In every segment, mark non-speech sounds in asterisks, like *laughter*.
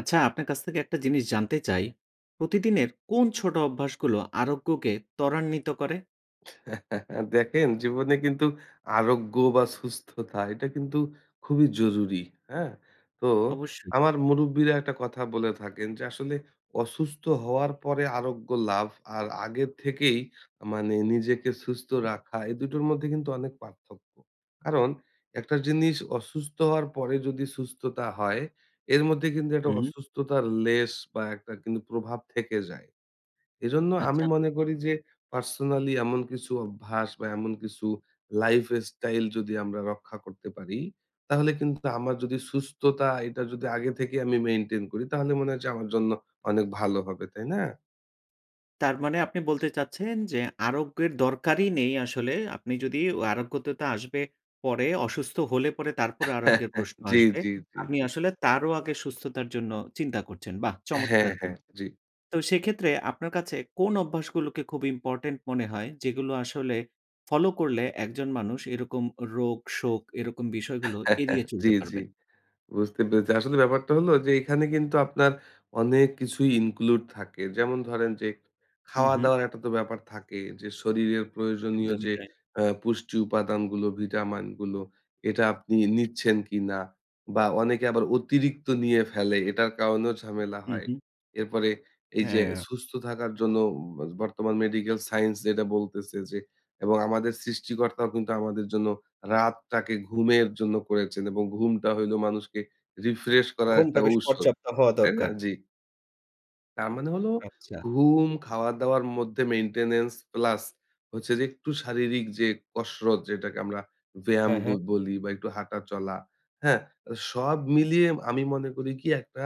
আচ্ছা আপনার কাছ থেকে একটা জিনিস জানতে চাই, প্রতিদিনের কোন ছোট অভ্যাসগুলো আরোগ্যকে ত্বরান্বিত করে? *chuckles* দেখেন জীবনে কিন্তু আরোগ্য বা সুস্থতা এটা কিন্তু খুবই জরুরি, হ্যাঁ? তো অবশ্যই। আমার মুরুব্বিরা একটা কথা বলে থাকেন যে, "আসলে অসুস্থ হওয়ার পরে আরোগ্য লাভ আর আগের থেকেই আ মানে নিজেকে সুস্থ রাখা এই দুটোর মধ্যে কিন্তু অনেক পার্থক্য। কারণ একটা জিনিস অসুস্থ হওয়ার পরে যদি সুস্থতা হয়, এর মধ্যে কিন্তু একটা হুম। অসুস্থতার লেশ বা একটা কিন্তু প্রভাব থেকে যায়।" এজন্য আমি আচ্ছা। মনে করি যে, পার্সোনালি এমন কিছু অভ্যাস বা এমন কিছু লাইফ স্টাইল যদি আমরা রক্ষা করতে পারি, তাহলে কিন্তু আমার যদি সুস্থতা এটা যদি আগে থেকেই আমি মেইনটেইন করি তাহলে মনে হয় যে আমার জন্য অনেক ভালো হবে, তাই না? তার মানে আপনি বলতে চাচ্ছেন যে, আরোগ্যের দরকারই নেই আসলে আপনি ও আরোগ্যতা আসবে পরে অসুস্থ হলে পরে তারপরে আরোগ্যের *chuckles* প্রশ্ন জি, আসবে, জি, জি, আপনি জি। আসলে তারও আগে সুস্থতার জন্য চিন্তা করছেন। বাহ! হ্যাঁ, চমৎকার কি হ্যাঁ জি। তো সেক্ষেত্রে আপনার কাছে কোন অভ্যাসগুলোকে খুব ইম্পোর্টেন্ট মনে হয়, যেগুলো আসলে ফলো করলে একজন মানুষ এরকম রোগ শোক এরকম বিষয়গুলো এড়িয়ে *chuckles* জি, চলতে জি পারবেন? বুঝতে পেরেছি আসলে ব্যাপারটা হল যে এইখানে কিন্তু আপনার অনেক কিছুই include থাকে। যেমন ধরেন যে হুম, হুম। খাওয়াদাওয়ার একটা তো ব্যাপার থাকে, যে শরীরের প্রয়োজনীয় একদমই যে তাই। এ পুষ্টি উপাদানগুলো ভিটামিনগুলো এটা আপনি নিচ্ছেন কিনা বা অনেকে আবার অতিরিক্ত নিয়ে ফেলে। এটার কারণেও ঝামেলা হুম, হয়। হুম। এরপরে এই যে হ্যাঁ। সুস্থ থাকার জন্য উম বা বর্তমান মেডিকেল সায়েন্স যেটা বলতেছে যে এবং আমাদের সৃষ্টিকর্তাও কিন্তু আমাদের জন্য রাতটাকে ঘুমের জন্য করেছেন এবং ঘুমটা হইল মানুষকে রিফ্রেশ করার একটা ঘুমটা বেশ ঔষধ পর্যাপ্ত হওয়া তাই না? দরকার। জি। তার মানে হলো আচ্ছা। ঘুম, খাওয়া দাওয়ার মধ্যে মেইনটেন্যান্স প্লাস হচ্ছে যে একটু শারীরিক যে কসরত যেটাকে আমরা ব্যায়াম হ্যাঁ, ব হ্যাঁ। বলি বা একটু হাঁটা চলা, হ্যাঁ? আ সব মিলিয়ে আমি মনে করি কি একটা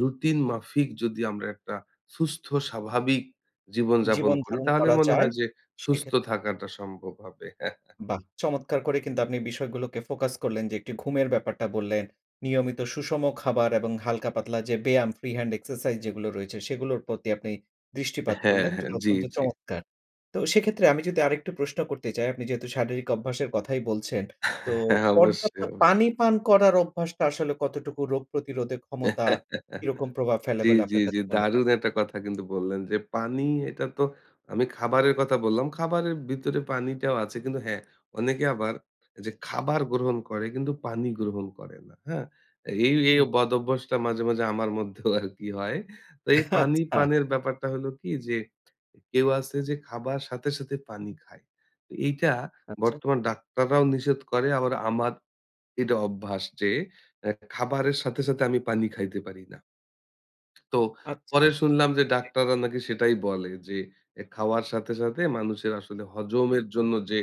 রুটিন মাফিক যদি আমরা একটা সুস্থ স্বাভাবিক জীবনযাপন জীবন করি ধারণ তাহলে করা মনে যায় হয় যে সুস্থ সেক্ষেত থাকাটা সম্ভব হবে। *chuckles* বাহ! চমৎকার করে কিন্তু আপনি বিষয়গুলোকে ফোকাস করলেন যে, একটু ঘুমের ব্যাপারটা বললেন, নিয়মিত সুষম খাবার এবং হালকা পাতলা যে ব্যায়াম ফ্রি হ্যান্ড এক্সারসাইজ যেগুলো রয়েছে সেগুলোর প্রতি আপনি দৃষ্টিপাত হ্যাঁ, করলেন। জি হ্যাঁ। জি, অত্যন্ত জি। চমৎকার! তো সেক্ষেত্রে আমি যদি আরেকটু প্রশ্ন করতে চাই, আপনি যেহেতু শারীরিক অভ্যাসের কথাই বলছেন তো হ্যাঁ, পর্যাপ্ত অবশ্যই। অবশ্যই। পানি পান করার অভ্যাসটা আসলে কতটুকু রোগ প্রতিরোধে ক্ষমতা *laughs* কিরকম প্রভাব ফেলে জি, বলে জি, আপনার জি। কাছে মনে হয়? দারুণ একটা কথা কিন্তু বললেন যে পানি এটা তো আমি খাবারের কথা বললাম। খাবারের ভিতরে পানিটাও আছে। কিন্তু হ্যাঁ অনেকে আবার এই যে খাবার গ্রহণ করে কিন্তু পানি গ্রহণ করে না। হ্যাঁ? এই, এই হুম। বদঅভ্যাসটা মাঝে, মাঝে আমার মধ্যেও আরকি হয়। তো এই পানি *chuckles* আচ্ছা। পানের ব্যাপারটা হলো কি যে কেউ আছে যে খাবার সাথে, সাথে পানি খায়। এইটা আচ্ছা। বর্তমান ডাক্তাররাও নিষেধ করে আবার আমার এটা অভ্যাস যে অ্যা খাবারের সাথে, সাথে আমি পানি খাইতে পারি না। তো আচ্ছা। পরে শুনলাম যে জি। ডাক্তাররা নাকি সেটাই বলে যে এ খাওয়ার সাথে, সাথে মানুষের আসলে হজমের জন্য যে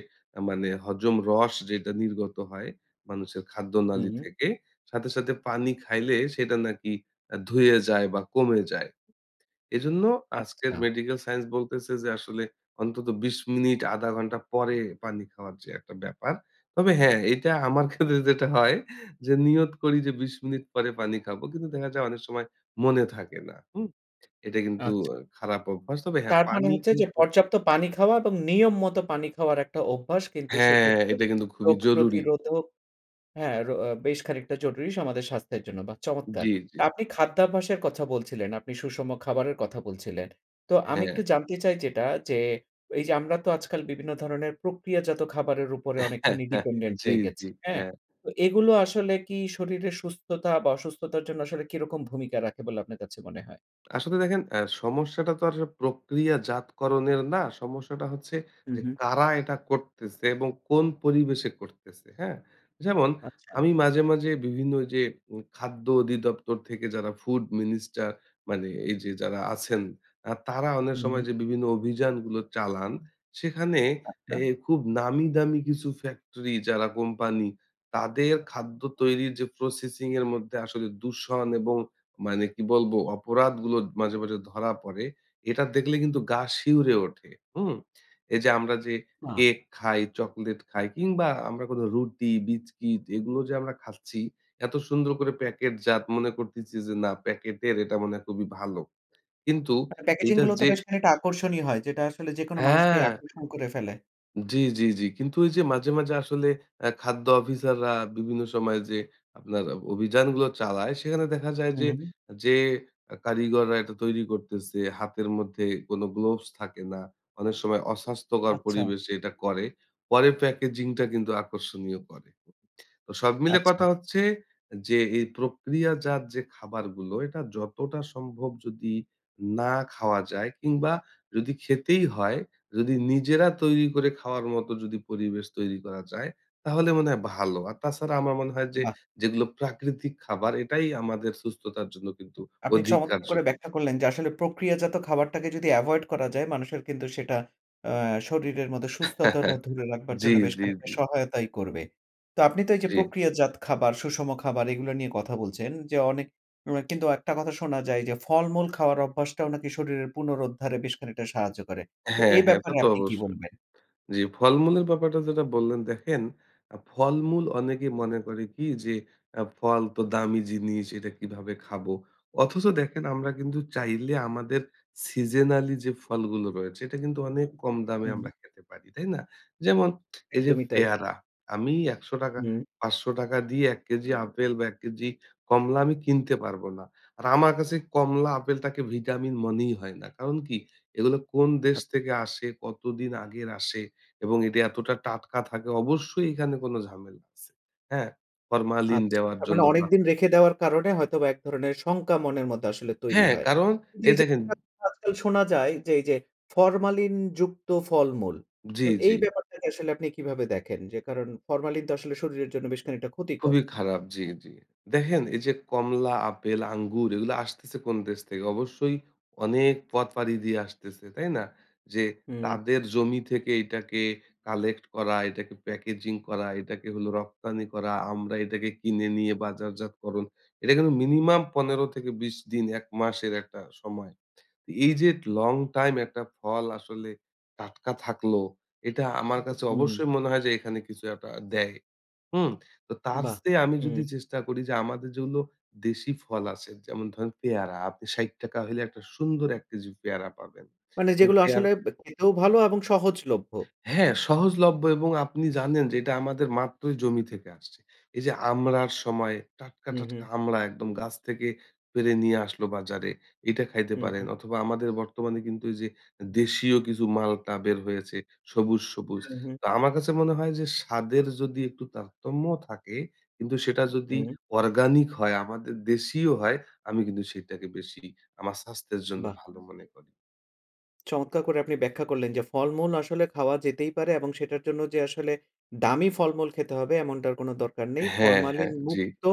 মানে হজম রস যেটা নির্গত হয় মানুষের খাদ্যনালী হুম। থেকে। সাথে, সাথে পানি খাইলে সেটা নাকি এ ধুয়ে যায় বা কমে যায়। এজন্য আজকের আচ্ছা। মেডিকেল সাইন্স বলতেছে যে আসলে অন্তত ২০ মিনিট ১/২ ঘন্টা পরে পানি খাওয়ার যে একটা ব্যাপার। তবে হ্যাঁ এটা আমার ক্ষেত্রে যেটা হয় যে নিয়ত করি যে ২০ মিনিট পরে পানি খাবো। কিন্তু দেখা যায় অনেক সময় মনে থাকে না, হুম? এটা কিন্তু আচ্ছা। অ্যা খারাপ অভ্যাস। তবে হ্যাঁ তার মানে পানি হচ্ছে যে কিন্তু পর্যাপ্ত পানি খাওয়া এবং নিয়ম মত পানি খাওয়ার একটা অভ্যাস কিন্তু হ্যাঁ সেক্ষেত্রে এটা কিন্তু খুবই রোগ জরুরি। প্রতিরোধক হ্যাঁ রো বেশ খানিকটা জরুরী আমাদের স্বাস্থ্যের জন্য বাহ চমৎকার! জি, জি। তা আপনি খাদ্যাভ্যাসের কথা বলছিলেন, আপনি সুষম খাবারের কথা বলছিলেন। তো আমি একটু হ্যাঁ। জানতে চাই যেটা যে এই যে আমরা তো আজকাল বিভিন্ন ধরনের প্রক্রিয়াজাত খাবারের উপরে অনেকখানি *laughs* ডিপেন্ডেন্ট জি, হয়ে জি। গেছি, হ্যাঁ? হ্যাঁ। তো এগুলো আসলে কি শরীরের সুস্থতা বা অসুস্থতার জন্য আসলে কি রকম ভূমিকা রাখে বলে আপনার কাছে মনে হয়? আসলে দেখেন অ্যা সমস্যাটা তো আর প্রক্রিয়াজাতকরণের না সমস্যাটা হচ্ছে হুম, যে হুম। কারা এটা করতেছে এবং কোন পরিবেশে করতেছে, হ্যাঁ? যেমন আচ্ছা। আমি মাঝে, মাঝে বিভিন্ন যে উম খাদ্য অধিদপ্তর থেকে যারা ফুড মিনিস্টার মানে এই যে যারা আছেন। আ তারা অনেক হুম, সময় হুম। যে বিভিন্ন অভিযানগুলো চালান সেখানে আচ্ছা। এ খুব নামি দামি কিছু ফ্যাক্টরি যারা কোম্পানি তাদের খাদ্য তৈরির যে প্রসেসিং এর মধ্যে আসলে দূষণ এবং মানে কি বলবো অপরাধগুলো মাঝে, মাঝে ধরা পড়ে এটা দেখলে কিন্তু গা শিউরে ওঠে, হুম? এই যে আমরা যে বাহ! কেক খাই, চকোলেট খাই কিংবা আমরা কোনো রুটি, বিস্কিট এগুলো যে আমরা খাচ্ছি এত সুন্দর করে প্যাকেট জাত মনে করতেছি যে, "না প্যাকেটের এটা মনে হয় খুবই ভালো।" কিন্তু আর প্যাকেজিং এটার গুলোও তো যে বেশ খানিকটা আকর্ষণীয় হয়। যেটা আসলে যেকোন মানুষকেই হ্যাঁ। আকর্ষণ করে ফেলে। জ্বি, জ্বি, জ্বি। কিন্তু এইযে মাঝে, মাঝে আসলে আ খাদ্য অফিসাররা বিভিন্ন সময় যে, আপনার আব অভিযানগুলো চালায়, সেখানে দেখা যায় হু, যে, হুম। যে এ কারিগররা এটা তৈরি করতেছে, হাতের মধ্যে কোন গ্লাভস থাকে না। অনেক সময় অস্বাস্থ্যকর আচ্ছা। পরিবেশে এটা করে। পরে প্যাকেজিংটা কিন্তু আকর্ষণীয় করে। তো সব মিলে আচ্ছা। কথা হচ্ছে যে, এই প্রক্রিয়াজাত যে খাবারগুলো, এটা যতটা সম্ভব যদি না খাওয়া যায়, কিংবা যদি খেতেই হয়, যদি নিজেরা তৈরি করে খাওয়ার মত যদি পরিবেশ তৈরি করা যায়, তাহলে মনে হয় ভালো। আর তাছাড়া আমার মনে হয় যে, বাহ! যেগুলো প্রাকৃতিক খাবার এটাই আমাদের সুস্থতার জন্য কিন্তু আপনি অধিক চমৎকার করে কার্যকরী। ব্যাখ্যা করলেন যে আসলে, "প্রক্রিয়াজাত খাবারটাকে যদি এভয়েড করা যায়, মানুষের কিন্তু সেটা অ্যা শরীরের মধ্যে সুস্থতাটা *chuckles* ধরে রাখবার জ্বি, জন্য বেশ জ্বি, খানিকটা জ্বি। সহায়তাই করবে।" তো আপনি তো এইযে জ্বি। প্রক্রিয়াজাত খাবার, সুষম খাবার, এগুলা নিয়ে কথা বলছেন, যে অনেক এম কিন্তু একটা কথা শোনা যায় যে, "ফলমূল খাওয়ার অভ্যাসটাও নাকি শরীরের পুনরুদ্ধারে বেশ খানিকটা সাহায্য করে।" তো হ্যাঁ, এ হ্যাঁ। এটা ব্যাপারে তো আপনি কি অবশ্যই। বলবেন? জ্বি, ফলমূলের ব্যাপারটা যেটা বললেন, দেখেন আ ফলমূল অনেকেই মনে করে কি? যে অ্যা ফল তো দামি জিনিস, এটা কীভাবে খাবো? অথচ, দেখেন আমরা কিন্তু চাইলে আমাদের সিজনাল যে ফলগুলো রয়েছে, এটা কিন্তু অনেক কম দামে হুম। আমরা খেতে পারি। তাই না? যেমন এইযে একদমই তাই। পেয়ারা, আমি ৳১০০ হুম। ৳৫০০ দিয়ে ১ কেজি আপেল বা, ১ কেজি কমলা আমি কিনতে পারবো না। আর আমার কাছে কমলা, আপেলটাকে ভিটামিন মনেই হয় না। কারণ কি? এগুলো কোন দেশ আচ্ছা। থেকে আসে, কতদিন আগের আসে এবং এটি এতটা টাটকা থাকে, অবশ্যই এখানে কোনো ঝামেলা আছে। হ্যাঁ? ফরমালিন আচ্ছা। দেওয়ার তার মানে জন্য বা অনেকদিন রেখে দেওয়ার কারণে হয়তোবা একধরনের শঙ্কা মনের মধ্যে আসলে তৈরি হ্যাঁ, হয়। কারণ কিন্তু এই এইযে দেখেন *unintelligible* আজকাল শোনা যায়, যে এইযে ফরমালিনযুক্ত ফলমূল। জ্বি, তো এই জ্বি। ব্যাপারটাকে আসলে আপনি কিভাবে দেখেন? যে কারণ ফরমালিন তো আসলে শরীরের জন্য বেশ খানিকটা ক্ষতিকর। খুবই খারাপ, জ্বি, জ্বি। দেখেন এইযে কমলা, আপেল, আঙ্গুর, এগুলো আসতেছে কোন দেশ থেকে? অবশ্যই অনেক পথ *smacks lips* পাড়ি দিয়ে আসতেছে। তাই না? যে হুম। তাদের জমি থেকে এইটাকে কালেক্ট করা, এইটাকে প্যাকেজিং করা, এটাকে হল রপ্তানি করা। আমরা এটাকে কিনে নিয়ে বাজারজাতকরণ। এটা কিন্তু মিনিমাম ১৫-২০ দিন, ১ মাসের একটা সময়। তো এইযে লং টাইম একটা ফল আসলে টাটকা থাকলো, এটা আমার কাছে হুম। অবশ্যই মনে হয় যে এখানে কিছু একটা দেয়। হুম? তো তার বাহ! চেয়ে আমি যদি হুম। চেষ্টা করি, যে আমাদের যেগুলো দেশি ফল আছে, যেমন ধরেন; পেয়ারা, আপনি ৬০ টাকা হইলে, একটা সুন্দর ১ কেজি পেয়ারা পাবেন। মানে এবং যেগুলো পেয়ারা আসলে বে খেতেও ভালো এবং সহজলভ্য। হ্যাঁ। সহজলভ্য এবং আপনি জানেন যে, এটা আমাদের মাত্রই জমি থেকে আসছে। এইযে আমড়ার সময়, টাটকা, হুম, টাটকা হুম। আমড়া একদম গাছ থেকে পেরে নিয়ে আসলো বাজারে। এইটা খাইতে হুম, পারেন। হু। অথবা, আমাদের বর্তমানে কিন্তু এইযে এ দেশীয় কিছু মালটা বের হয়েছে সবুজ, সবুজ। হুম, হুম। তো আমার কাছে মনে হয়, যে স্বাদের যদি একটু তারতম্যও থাকে, কিন্তু সেটা যদি হুম। অর্গানিক হয়, আমাদের দেশিও হয়, আমি কিন্তু সেটাকে বেশি আমার স্বাস্থ্যের জন্য বাহ! ভালো মনে করি। চমৎকার করে আপনি ব্যাখ্যা করলেন যে ফলমূল আসলে খাওয়া যেতেই পারে এবং সেটার জন্য যে আসলে দামি ফলমূল খেতে হবে এমনটার কোনো দরকার নেই। হ্যাঁ, হ্যাঁ। ফরমালিন জ্বি। মুক্ত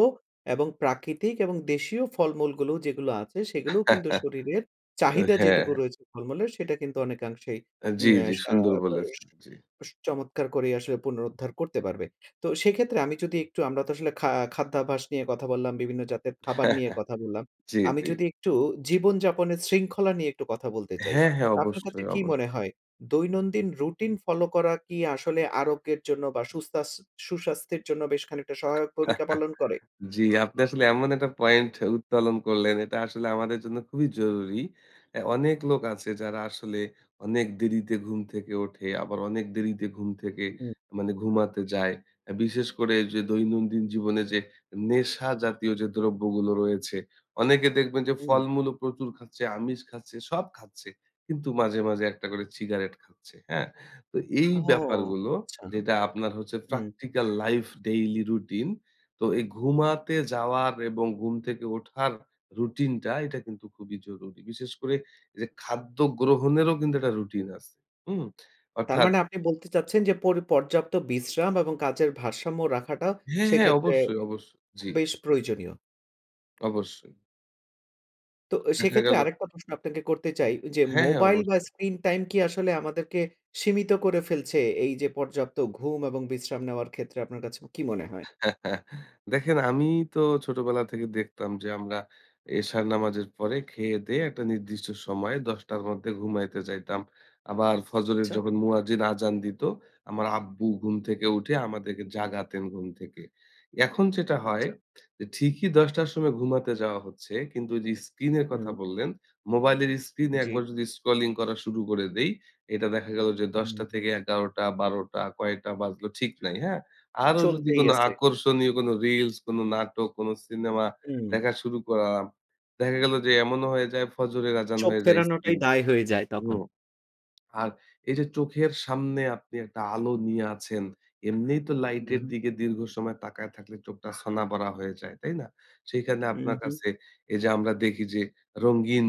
এবং প্রাকৃতিক এবং দেশীয় ফলমূলগুলো যেগুলো আছে, সেগুলোও কিন্তু *chuckles* শরীরের চাহিদা যেটুকু হ্যাঁ। রয়েছে ফলমূলের, সেটা কিন্তু অনেকাংশেই অ্যাঁ জ্বি, অ্যা জ্বি। সা সুন্দর প বলেছেন। জ্বি। বেশ চমৎকার করেই আসলে পুনরুদ্ধার করতে পারবে। তো সেক্ষেত্রে আমি যদি একটু আমরা তো আসলে খা খাদ্যাভ্যাস নিয়ে কথা বললাম, বিভিন্ন জাতের খাবার নিয়ে *chuckles* কথা বললাম। জ্বি, আমি জ্বি। যদি একটু জীবনযাপনের শৃঙ্খলা নিয়ে একটু কথা বলতে চাই। হ্যাঁ, হ্যাঁ। তা আপনার কাছে অবশ্যই, কি অবশ মনে হয়? দৈনন্দিন রুটিন ফলো করা কি আসলে আরোগ্যের জন্য বা সুস্তাস সুস্বাস্থ্যের জন্য বেশ খানিকটা সহায়ক ভূমিকা *chuckles* পালন করে? জ্বি। আপনি আসলে এমন একটা পয়েন্ট উত্তোলন করলেন, এটা আসলে আমাদের জন্য খুবই জরুরি। অ্যা অনেক লোক আছে যারা আসলে অনেক দেরিতে ঘুম থেকে ওঠে, আবার অনেক দেরিতে ঘুম থেকে উম মানে ঘুমাতে যায়। বিশেষ করে যে দৈনন্দিন জীবনে যে নেশা জাতীয় যে দ্রব্যগুলো রয়েছে, অনেকে দেখবেন যে উম ফলমূল ও প্রচুর খাচ্ছে, আমিষ খাচ্ছে, সব খাচ্ছে। কিন্তু মাঝে, মাঝে একটা করে সিগারেট খাচ্ছে। হ্যাঁ? তো এই ও ব্যাপারগুলো, আচ্ছা। যেটা আপনার হচ্ছে হুম। practical life, daily routine তো এই ঘুমাতে যাওয়ার এবং ঘুম থেকে ওঠার রুটিন টা এটা কিন্তু খুবই জরুরি। বিশেষ করে যে খাদ্য গ্রহণেরও কিন্তু একটা রুটিন আছে, হুম। তার অর্থাৎ মানে আপনি বলতে চাচ্ছেন যে পর পর্যাপ্ত বিশ্রাম এবং কাজের ভারসাম্য রাখাটা হ্যাঁ, হ্যাঁ। সেক্ষেত্রে অবশ্যই, এ অবশ্যই। জ্বি। বেশ জ্বি। প্রয়োজনীয়। অবশ্যই। তো এ দেখা সেক্ষেত্রে গেল আরেকটা প্রশ্ন আপনাকে করতে চাই, ওইযে হ্যাঁ, হ্যাঁ। মোবাইল বা, অবশ্যই। স্ক্রিন টাইম কি আসলে আমাদেরকে সীমিত করে ফেলছে এইযে পর্যাপ্ত ঘুম এবং বিশ্রাম নেওয়ার ক্ষেত্রে, আপনার কাছে কী মনে হয়? *chuckles* দেখেন, আমি তো ছোটবেলা থেকে দেখতাম যে আমরা এশার নামাজের পরে খেয়ে-দেয়ে একটা নির্দিষ্ট সময় ১০ টার মধ্যে ঘুমাইতে যাইতাম। আবার ফজরের আচ্ছা। যখন মুয়াজ্জিন আযান দিতো, আমার আব্বু ঘুম থেকে উঠে আমাদেরকে জাগাতেন ঘুম থেকে। এখন যেটা হয় আচ্ছা। এ ঠিকই ১০ টার সময় ঘুমাতে যাওয়া হচ্ছে, কিন্তু ওইযে স্ক্রিনের কথা হুম। বললেন, মোবাইলের স্ক্রিনে জি। একবার যদি স্ক্রলিং করা শুরু করে দেই। এটা দেখা গেল যে ১০ টা হুম। থেকে ১১ টা, ১২ টা, কয়েকটা বাজলো ঠিক নাই, হ্যাঁ? আরো যদি চলতেই কোনো আছে। আকর্ষণীয় কোন রিলস, কোন নাটক, কোন সিনেমা হুম। দেখা শুরু করা দেখা গেল যে এমনও হয়ে যায় ফজরের আযান চোখ হয়ে যায় ফেরানোটাই স্ক্রিনে, দায় হয়ে যায় হু। তখন। *smacks lips* আর এইযে চোখের সামনে আপনি একটা আলো নিয়ে আছেন। এমনিই তো হুম, লাইটের হুম। দিকে দীর্ঘ সময় তাকায় থাকলে চোখটা ছানাবড়া হয়ে যায়। তাই না? সেখানে হুম, আপনার হুম। কাছে এইযে আমরা দেখি যে রঙিন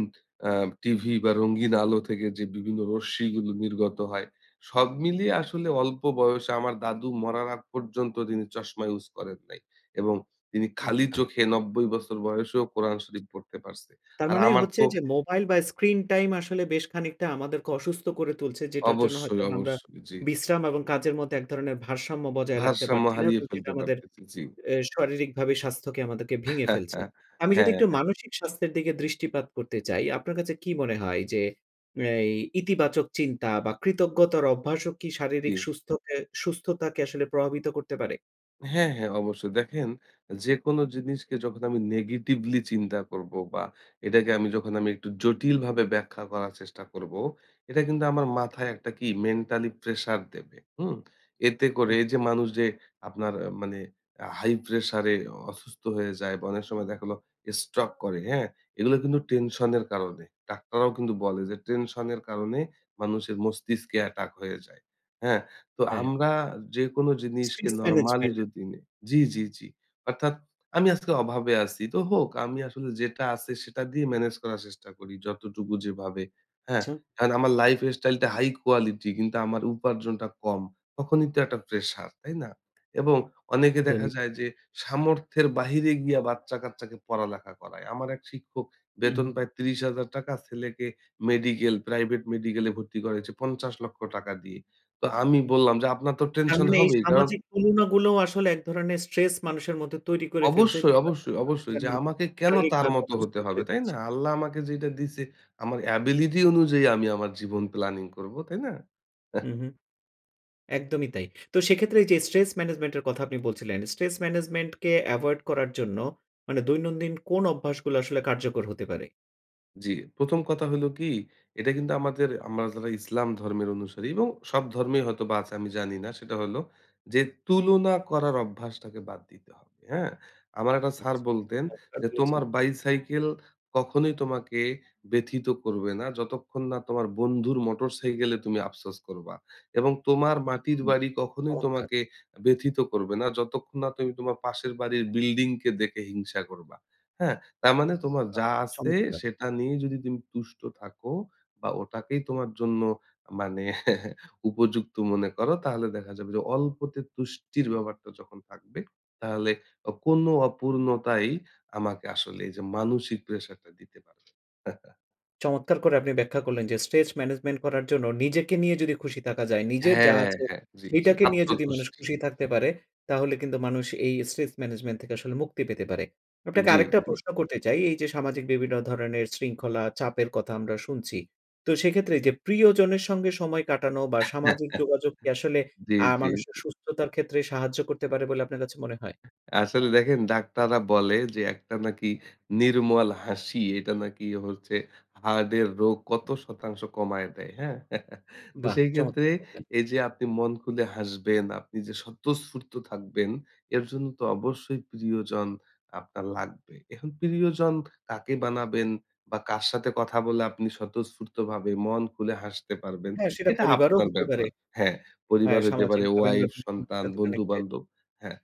আ টিভি বা, রঙিন আলো থেকে যে বিভিন্ন রশ্মিগুলো নির্গত হয়। সব মিলিয়ে আসলে অল্প বয়সে আমার দাদু মরার আগ পর্যন্ত তিনি চশমা ইউজ করেন নাই এবং তিনি খালি আচ্ছা। চোখে ৯০ বছর বয়সেও কোরআন শরীফ পড়তে পারছে। তার আর মানে আমার হচ্ছে তো যে মোবাইল বা, স্ক্রিন টাইম আসলে বেশ খানিকটা আমাদেরকে অসুস্থ করে তুলছে, যেটার জন্য অবশ্যই, হয়তোবা আমরা অবশ্যই। জি। বিশ্রাম এবং কাজের মধ্যে এক ধরনের ভারসাম্য বজায় রাখতে ভারসাম্য পারছি না হারিয়ে এবং সেটা ফেলতে আমাদের পারতেছি। জি। এ শারীরিকভাবে স্বাস্থ্যকে আমাদেরকে ভেঙে ফেলছে। *laughs* আমি যদি হ্যাঁ, একটু হ্যাঁ। মানসিক স্বাস্থ্যের দিকে দৃষ্টিপাত করতে চাই, আপনার কাছে কি মনে হয় যে, এই ইতিবাচক চিন্তা বা, কৃতজ্ঞতার অভ্যাসও কি শারীরিক জি। সুস্থকে সুস্থতাকে আসলে প্রভাবিত করতে পারে? হ্যাঁ, হ্যাঁ অবশ্যই। দেখেন অ্যা যেকোনো জিনিসকে যখন আমি নেগেটিভলি চিন্তা করবো বা এটাকে আমি যখন আমি একটু জটিলভাবে ব্যাখ্যা করার চেষ্টা করব, এটা কিন্তু আমার মাথায় একটা কি? mentally pressure দেবে, হুম? এতে করে হুম, এই যে হুম। মানুষ যে আপনার আ মানে আ high pressure এ অসুস্থ হয়ে যায় বা অনেক সময় দেখা লো স্ট্রোক করে, হ্যাঁ? এগুলো কিন্তু টেনশন এর কারণে। ডাক্তাররাও কিন্তু বলে যে, "টেনশন এর কারণে মানুষের মস্তিষ্কে অ্যাটাক হয়ে যায়," হ্যাঁ? তো হ্যাঁ। আমরা যেকোনো জিনিসকে Stress নরমালি management টা। যদি নেই জি, জি, জি। অর্থাৎ, "আমি আজকে অভাবে আছি তো হোক আমি আসলে যেটা আছে সেটা দিয়ে ম্যানেজ করার চেষ্টা করি যতটুকু যেভাবে" হ্যাঁ? ছা অ্যান আমার lifestyle টা high quality কিন্তু আমার উপার্জনটা কম। তখনই তো একটা প্রেশার, তাই না? *smacks lips* এবং অনেকে দেখা দৈনিক। যায় যে সামর্থ্যের বাহিরে গিয়া বাচ্চা-কাচ্চাকে পড়ালেখা করায়। আমার এক শিক্ষক হুম, বেতন হুম। পায় ৳৩০,০০০ ছেলেকে মেডিকেল প্রাইভেট মেডিকেলে ভর্তি করেছে ৳৫০,০০,০০০ দিয়ে। তো আমি বললাম যে, "আপনার তো তার টেনশন মানে এই হবেই কারণ" সামাজিক তুলনাগুলোও আসলে এক ধরনের stress মানুষের মধ্যে তৈরি করে ফেলছে অবশ্যই, যেটা অবশ্যই, আসলে তাদের অবশ্যই! যে, জন্য "আমাকে কেন তার শারীরিকভাবে মত অসুস্থ হতে হবে!" করে তাই না? দিচ্ছে। আল্লাহ আমাকে যেইটা দিছে, আমার ability অনুযায়ী আমি আমার জীবন planning করবো, তাই না? হুম, *scoffs* হুম। একদমই তাই। তো সেক্ষেত্রে এই যে stress management এর কথা আপনি বলছিলেন, stress management কে avoid করার জন্য মানে দৈনন্দিন কোন অভ্যাসগুলো আসলে কার্যকর হতে পারে? জি। ১ম কথা হলো কি? এটা কিন্তু আমাদের আমরা যারা ইসলাম ধর্মের অনুসারী এবং সব ধর্মেই হয়তোবা আছে আমি জানি না। সেটা হলো যে, তুলনা করার অভ্যাসটাকে বাদ দিতে হবে। হ্যাঁ? আমার একটা স্যার আচ্ছা। বলতেন চমৎকার যে, বলেছেন। "তোমার বাই-সাইকেল কখনোই তোমাকে ব্যথিত করবে না, যতক্ষণ না তোমার বন্ধুর মোটর সাইকেলে তুমি আফসোস করবা। এবং তোমার মাটির হুম। বাড়ি কখনোই চমৎকার! তোমাকে ব্যথিত করবে না, যতক্ষণ না তুমি তোমার পাশের বাড়ির বিল্ডিংকে দেখে হিংসা করবা, হ্যাঁ? তার মানে তোমার বাহ! যা আছে, চমৎকার! সেটা নিয়ে যদি তুমি তুষ্ট থাকো বা ওটাকেই তোমার জন্য মানে *chuckles* উপযুক্ত মনে করো, তাহলে দেখা যাবে যে, অল্পতে তুষ্টির ব্যাপারটা যখন থাকবে, তাহলে অ কোনো অপূর্ণতাই আমাকে আসলে এইযে মানসিক প্রেশারটা দিতে পারবে না।" *chuckles* চমৎকার করে আপনি ব্যাখ্যা করলেন যে, স্ট্রেচ ম্যানেজমেন্ট করার জন্য নিজেকে নিয়ে যদি খুশি থাকা যায়, নিজের হ্যাঁ, যা হ্যাঁ, আছে, হ্যাঁ। জি, জি। সেইটাকে নিয়ে যদি মানুষ আত্মতুষ্টি। খুশি থাকতে পারে, তাহলে কিন্তু মানুষ এই স্ট্রেস ম্যানেজমেন্ট থেকে আসলে মুক্তি পেতে পারে। আপনাকে জি, আরেকটা জি। প্রশ্ন করতে চাই। এইযে, সামাজিক বিভিন্ন ধরনের শৃঙ্খলা, চাপের কথা আমরা শুনছি। তো সেক্ষেত্রে এইযে, প্রিয়জনের সঙ্গে সময় কাটানো বা সামাজিক *chuckles* যোগাযোগ কি আসলে জি, আ জি, মানুষের জি। সুস্থতার ক্ষেত্রে সাহায্য করতে পারে বলে আপনার কাছে মনে হয়? আসলে দেখেন, ডাক্তাররা বলে যে, একটা নাকি নির্মল হাসি, এটা নাকি হচ্ছে হার্টের রোগ কত শতাংশ কমায়ে দেয়, হ্যাঁ? *chuckles* তো, বাহ! সেইক্ষেত্রে চমৎকার বললেন। এইযে, আপনি মন খুলে হাসবেন, আপনি যে স্বতঃস্ফূর্ত থাকবেন, এর জন্য তো অবশ্যই প্রিয়জন আপনার লাগবে। এখন প্রিয়জন কাকে বানাবেন বা কার সাথে কথা বলে আপনি স্বতঃস্ফূর্তভাবে মন খুলে হাসতে পারবেন? হ্যাঁ, সেটা এটা পরিবারও আপনার হতে পারে। ব্যাপার। হ্যাঁ, পরিবার হ্যাঁ, হইতে পারে, সামাজিকভাবে আমরা ওয়াইফ, বিভিন্ন মানুষের সন্তান, সাথে connected. বন্ধু-বান্ধব, হ্যাঁ।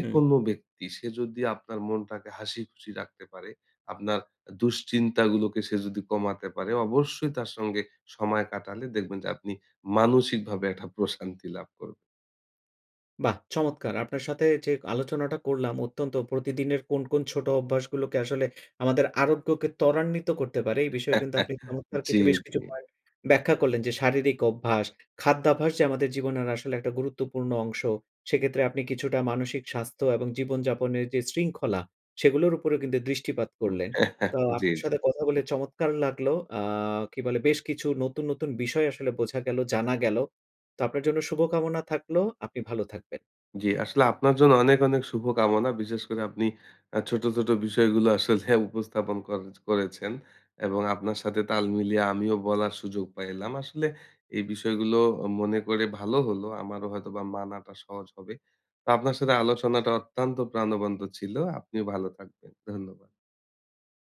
হুম। ব্যক্তি, সে যদি আপনার মনটাকে হাসিখুশি রাখতে পারে, আপনার দুশ্চিন্তাগুলোকে সে যদি কমাতে পারে, অবশ্যই তার সঙ্গে সময় কাটালে দেখবেন যে, আপনি মানসিকভাবে একটা প্রশান্তি লাভ করবেন। বাহ! চমৎকার! আপনার সাথে যে আলোচনাটা করলাম, অত্যন্ত প্রতিদিনের কোন, কোন ছোট অভ্যাসগুলোকে আসলে আমাদের আরোগ্যকে ত্বরান্বিত করতে পারে, এই বিষয়ে কিন্তু আপনি *giggles* চমৎকার জি, কিছু, বেশ কিছু জি। পয়েন্ট ব্যাখ্যা করলেন। যে, শারীরিক অভ্যাস, খাদ্যাভ্যাস যে আমাদের জীবনের আসলে একটা গুরুত্বপূর্ণ অংশ। সেক্ষেত্রে আপনি কিছুটা মানসিক স্বাস্থ্য এবং জীবনযাপনের যে শৃঙ্খলা, সেগুলোর উপরেও কিন্তু দৃষ্টিপাত হুম। করলেন। তো, *chuckles* জি, আপনার জি। সাথে কথা বলে চমৎকার লাগলো। আ কি বলে? বেশ কিছু নতুন, নতুন বিষয় আসলে বোঝা গেলো, জানা গেলো। তো, আপনার জন্য শুভকামনা থাকলো। আপনি ভালো থাকবেন। জি। আসলে আপনার জন্য অনেক, অনেক শুভকামনা। বিশেষ করে আপনি আ ছোট, ছোট বিষয়গুলো আসলে উপস্থাপন করে করেছেন। এবং আপনার সাথে তাল মিলিয়ে আমিও বলার সুযোগ পাইলাম। আসলে এই বিষয়গুলো মনে করে ভালো হলো। আমারও হয়তোবা মানাটা সহজ হবে। তো, আপনার সাথে আলোচনাটা অত্যন্ত প্রাণবন্ত ছিলো। আপনিও ভালো থাকবেন। ধন্যবাদ।